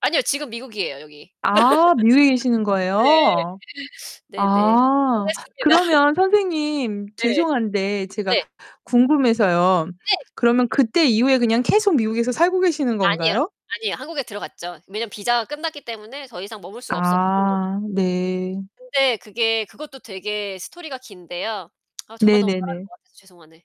아니요 지금 미국이에요 여기. 아 미국에 계시는 거예요? 네 네네. 좀 아 됐습니다. 그러면 선생님 네. 죄송한데 제가 네. 궁금해서요. 네. 그러면 그때 이후에 그냥 계속 미국에서 살고 계시는 아니에요. 건가요? 아니에요. 한국에 들어갔죠. 왜냐면 비자가 끝났기 때문에 더 이상 머물 수가 없었고. 아 네. 근데 그게 그것도 되게 스토리가 긴데요. 아 저만 너무 [unintelligible] 말하는 네네네. 것 같아서 죄송하네.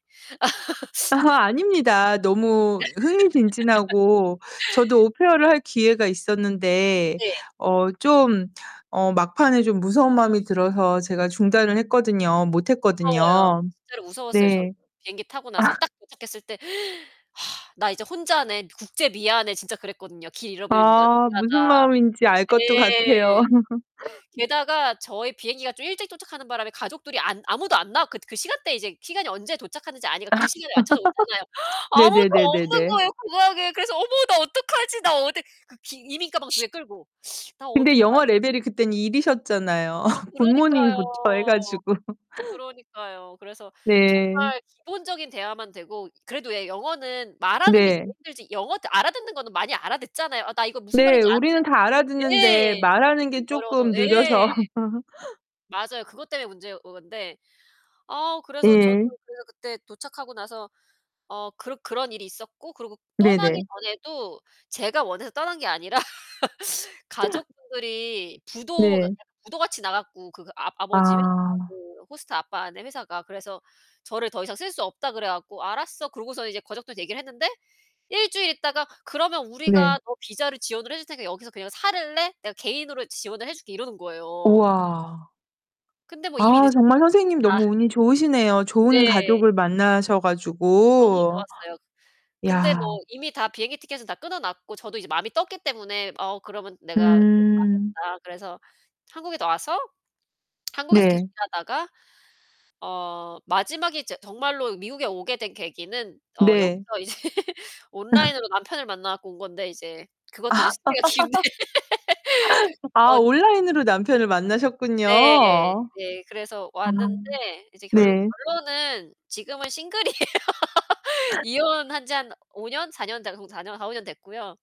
아 아닙니다. 너무 흥미진진하고 저도 오페어를 할 기회가 있었는데 네. 어 좀 어 막판에 좀 무서운 마음이 들어서 음. 제가 중단을 했거든요. 못 무서워요. 했거든요. 진짜로 무서웠어요, 전. 네. 비행기 타고 나서 아. 딱 도착했을 때' 나 이제 혼자네, 국제 미아네.' 진짜 그랬거든요. '길 잃어버리면 나 아 무슨 미아다.' 마음인지 알 것도 같아요. 네. 게다가 저희 비행기가 좀 일찍 도착하는 바람에 가족들이 안 아무도 안 나왔 그 그 시간대 이제 시간이 언제 도착하는지 아니까 그 시간에 맞춰서 오잖아요. 아무도 없는 네네네네네. 거예요, 공항에. 그래서 '어머 나 어떡하지? 나 어디 그 기 이민 가방 2 개 끌고 나 어디로 근데 가야 영어 되지?' 레벨이 그땐 1 이셨잖아요, 아 그러니까요. 굿모닝부터 해 가지고. 그러니까요. 그래서 네. 정말 기본적인 대화만 되고 그래도 예 영어는 말하는 게 제일 네. 힘들지 영어 알아듣는 거는 많이 알아듣잖아요. 아 나 이거 무슨 네, 말인지 우리는 다 아는데 알아듣는데 예. 말하는 스피킹이 게 어려워서 쪼끔 예. 느려서. 맞아요. 그것 때문에 문제인 건데. 아 그래서 저도 예. 그래서 그때 도착하고 나서 어 그 그런 일이 있었고 그러고 떠나기 네네. 전에도 제가 원해서 떠난 게 아니라 가족분들이 부도 [unintelligible] 네. 약간 부도같이 나갔고 그 아 아버지 회사 [unintelligible] 아. 그 호스트 아빠네 회사가. 그래서 저를 더 이상 쓸 수 없다 그래 갖고 '알았어.' 그러고서 이제 가족들 얘기를 했는데 1 주일 있다가 "그러면 네. 우리가 너 비자를 지원을 해 줄 테니까 여기서 그냥 살래? 내가 개인으로 지원을 해 줄게." 이러는 거예요. 우와. 근데 뭐 이미 아 늦었죠. 정말 비행기 선생님 다 너무 운이 좋으시네요. 좋은 네. 가족을 만나셔 너무 가지고. 좋았어요. 근데 야. 뭐 이미 다 비행기 티켓은 다 끊어 놨고 저도 이제 마음이 떴기 때문에 "어 그러면 내가 음. 취소하겠다." 그래서 한국에 와서 한국에서 계속 네. 일하다가 어 마지막에 이제 정말로 미국에 오게 된 계기는 어 네. 여기서 이제 온라인으로 남편을 만나 갖고 온 건데 이제 그것도 이제 스토리가 긴데 아 어 온라인으로 남편을 네. 만나셨군요. 네. 그래서 아 왔는데 이제 결국 네. 결론은 지금은 싱글이에요. 이혼한지 한 5 년? 4 년 돼가고 4 년, 4-5 년 됐고요.